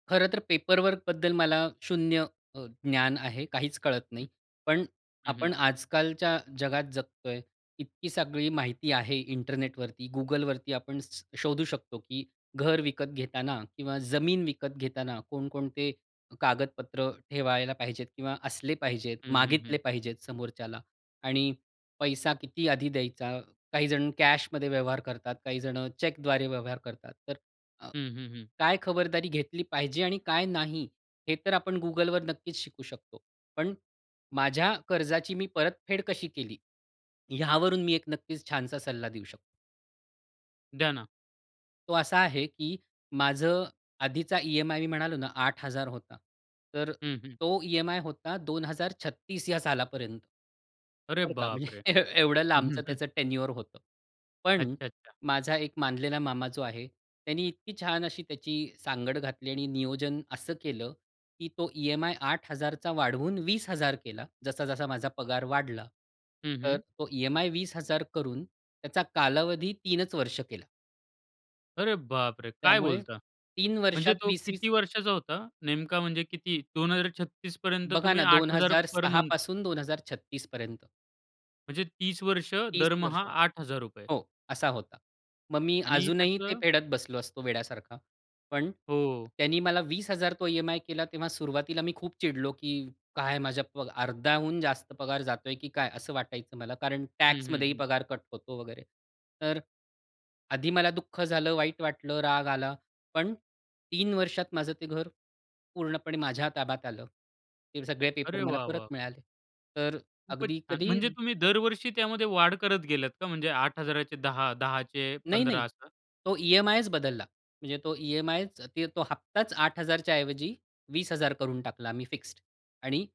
खरं तर पेपरवर्कबद्दल मला शून्य अ, ज्ञान आहे, काहीच कळत नाही. हं, पण हं. आपण आज-कालच्या जगात जगतोय, इतकी सगळी माहिती आहे इंटरनेटवरती, Googleवरती, आपण स शोधू शकतो की घर विकत घेताना किंवा जमीन विकत घेताना कोण-कोणते कागदपत्र ठेवायला पाहिजेत? किंवा असले पाहिजेत? हं, हं, मागितले हं. पाहिजेत समोरच्याला? आणि पैसा किती आधी द्यायचा? काहीजण कॅशमध्ये व्यवहार करतात, काही जणं चेकद्वारे व्यवहार करतात, तर अ, हं, हं, हं. काय खबरदारी घेतली पाहिजे आणि काय नाही, हे तर आपण Googleवर नक्कीच शिकू शकतो. पण माझ्या कर्जाची मी परतफेड कशी केली, यावरून मी 1 नक्कीच छानसा सल्ला देऊ शकतो. द्या ना. तो असा आहे की माझं आधीचा ई-एम-आय मी म्हणालो ना, 8000 होता. तर हं, हं. तो ई-एम-आय होता 2036 ह्या सालापर्यंत. अरे बरं का, बापरे! म्हणजे एवढं लांबचं त्याचं टेन्युअर होतं. पण अच्छा, अच्छा. माझा 1 मानलेला मामा जो आहे, त्यानी इतकी छान अशी त्याची सांगड घातली आणि नियोजन असं केलं की तो ई-एम-आय 8000 चा वाढवून 20000 केला. जसा-जसा माझा पगार वाढला. हं, तर हं. तो ई-एम-आय 20000 करून त्याचा कालावधी 3च वर्ष केलं. अरे बापरे! काय त्यामुळे बोलता? 3 म्हणजे वर्षात तो 20-20 किती वर्षाचा होता? नेमका म्हणजे किती? 2036 पर्यंत बघा तुम्ही ना दोन 8000 हजार पर सहा मंथ. पासून 2036 पर्यंत म्हणजे 30 वर्ष 30 दरमहा वर्ष 8000 रुपये. हो, असा होता. मग मी आणि अजूनही ते त्याचं फेडत बसलो असतो वेड्यासारखा. पण हो. त्यानी मला 20000 तो ई-एम-आय केला, तेव्हा सुरुवातीला मी खूप चिडलो, की काय माझ्या प अर्ध्याहून जास्त पगार जातोय की काय? असं वाटायचं मला कारण हं, हं, टॅक्समध्येही हं. पगार कट होतो वगैरे. तर आधी मला दुःख झालं, वाईट वाटलं, राग आला, पण 3 वर्षात माझं ते घर पूर्णपणे माझ्या ताब्यात आलं. ते सगळे पेपर अरे मला वाह! परत वाह! मिळाले. तर खूपच अगदी छान! कधी म्हणजे तुम्ही दरवर्षी त्यामध्ये वाढ करत गेलात का? म्हणजे 8000चे 10, 10चे नाही, 15 नाही. असं? तो ई-एम-आयच बदलला. म्हणजे तो ई-एम-आयच ते तो हप्ताच 8000 च्या ऐवजी 20000 करून टाकला आम्ही, फिक्स्ड. आणि